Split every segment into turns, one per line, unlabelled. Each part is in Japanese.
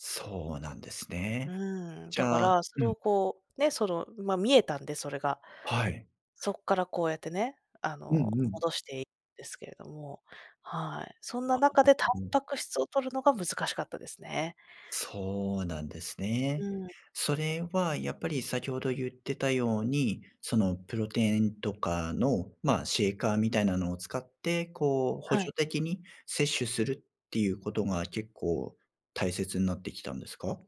そうなんです
う
ね。
ーん、
じ
だか
ゃあ
らそ
う
れ
ん。
をこうね、その、ま、見えたんで、それが。
はい。
そっからこうやってね、あ
う
の、
ん、うん。
戻していですけども、はい、そん
な
な
る
中でタン
ほど。
パク質をとるのが難しかったですね。
そうなんです
う
ね。
ん。
それはやっぱり先ほどゆってたように、その、プロテインとかの、まあ、シェイカーみたいなのを使って、こう補
は
助
い。
的に摂取するってゆうことが結構大切になってきたんですか？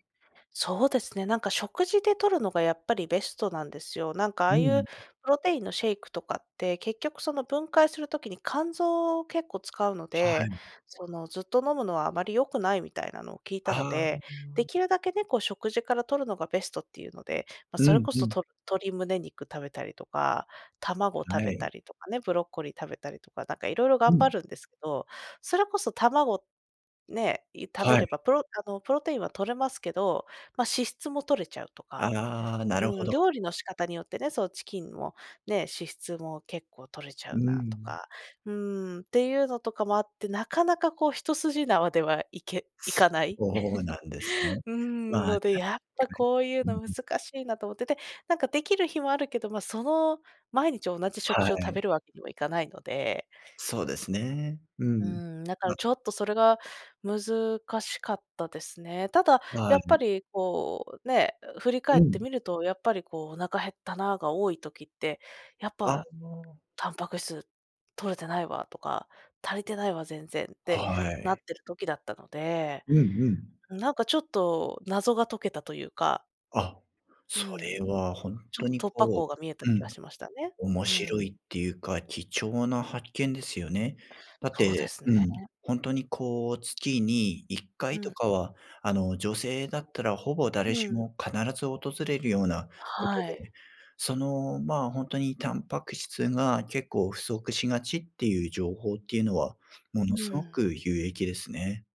そうですね。なんか食事でとるのがやっぱりベストなんですよ。なんかあ
う
あいう
ん。
プロテインのシェイクとかって、結局その、分解する時に肝臓を結構使うの
はは
で、
い。
その、ずっと飲むのはあまり良くないみたいなのを聞いた
あ
の
あ、う
で、
ー
で
ん。
きるだけね、こう食事からとるのがベストっていうので、ま、
う
それ
ん、
こ
う
そ
ん。
と鶏胸肉食べたりとか卵
は
食べ
い。
たりとかね、ブロッコリー食べたりとかなんか色々
う
頑張
ん。
るんですけど、それこそ卵、ね、い食
は
べれ
い。
ばプロあの、プロテインはとれますけど、ま、脂質もとれちゃうとか、
ああ、なるほ
うん、
ど。
料理の仕方によってね、その、チキンもね、脂質も結構とれちゃ
う
うなと
ん。
か、うーんっていうのとかもあって、なかなかこう一筋縄ではいけい
そ
かない。
うなんですね。
うーん、
まあ、
ので
確
やっ
か
ぱこういう
に。
の難
うん。
しいなと思ってて、なんかできる日もあるけど、ま、その、毎日同じ食
は
事を食
い。
べるわけにはいかないので
そうですね、う
う
ん。
ーん、だから
な
ちょっとそれが難しかったですね。ただ
は
やっぱ
い。
りこう、う、ね、う、振り
う
返って
ん。
みるとやっぱりこう、お腹減ったなが多い時って、「やっ
あ
ぱ、
あ。
タンパク質とれてないわ」とか、「足りてないわ、全然」って
は
なっ
い。
てる時だったので、
うん、うん。
ん、なんかちょっと謎が解けたとゆうか
あ、
う
そ
んう
れ
ん、
はほん
ちょ
と
っ
に
と突破
こ
口が見えた
う、う
気が
ん、
しましたね、う
面
ー
白
ん。
いっていうか、貴重な発見ですよね。だっ
そうで
て、
す
うん、
ね。
ほんとにこう、月にいっか
う
いと
ん。
かは、あの、女性だったらほぼ誰
う
し
ん。
も必ず訪れるようなこと
は
で
い。
ね、その、まあ、ほんとにタンパク質が結構不足しがちっていう情報っていうのはも
う
のすご
ん。
く有益ですね。